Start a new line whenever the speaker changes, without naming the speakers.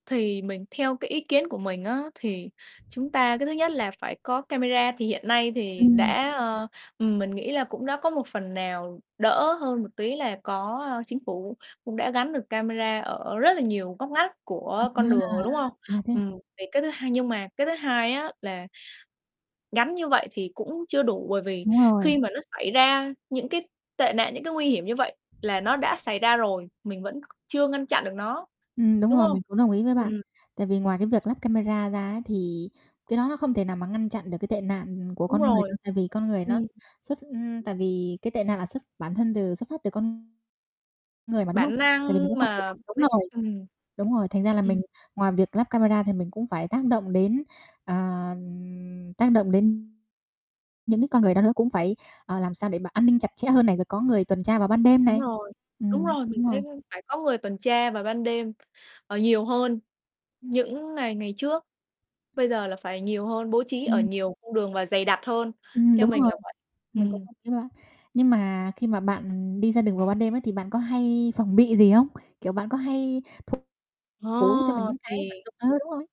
Thì mình theo cái ý kiến của mình á, thì chúng ta cái thứ nhất là phải có camera. Thì hiện nay thì
Ừm.
đã, ờ, ừm, mình nghĩ là cũng đã có một phần nào đỡ hơn một tí là có, ơ, chính phủ cũng đã gắn được camera ở rất là nhiều ngóc ngách của con đường rồi, đúng không?
A, à, thế à?
Ừm, thì cái thứ hai nhưng mà cái thứ hai á là gắn như vậy thì cũng chưa đủ bởi vì
Đúng rồi.
khi mà nó xảy ra những cái tệ nạn, những cái nguy hiểm như vậy là nó đã xảy ra rồi, mình vẫn chưa ngăn chặn được nó,
Ừm, đúng
đúng
rồi,
hông?
mình cũng đồng ý với bạn.
Ừm.
Tại vì ngoài cái việc lắp camera ra ấy, thì cái đó nó không thể nào mà ngăn chặn được cái tệ nạn của
Đúng
con người đâu,
rồi,
tại vì con người nó
ừm.
xuất ưm, tại vì cái tệ nạn là xuất bản thân từ xuất phát từ con người mà, đúng không?
Bản
Tại
năng
vì mình cũng
nhưng
không thể
mà
nào
mấy
đúng rồi,
ừm.
đúng rồi, thành ra là mình
Ừm.
ngoài việc lắp camera thì mình cũng phải tác động đến, ờ, tác động đến những cái con người đó nữa, cũng phải, ờ, làm sao để mà an ninh chặt chẽ hơn này, rồi có người tuần tra vào ban đêm
Đúng
này.
rồi, đúng
Ừm,
rồi, mình
đúng
thấy
rồi.
phải có người tuần tra vào ban đêm, ờ, nhiều hơn những ngày ngày trước. Bây giờ là phải nhiều hơn, bố trí ở
Ừm.
nhiều cung đường và dày đặc hơn,
Ừm,
theo
đúng
mình
rồi,
là vậy.
mình cũng
Ừm.
đồng ý với bạn. Nhưng mà khi mà bạn đi ra đường vào ban đêm á, thì bạn có hay phòng bị gì không? Kiểu, bạn có hay thủ thủ cho mình
Ơ,
những cái vật
thì
dụng ờ, đúng rồi.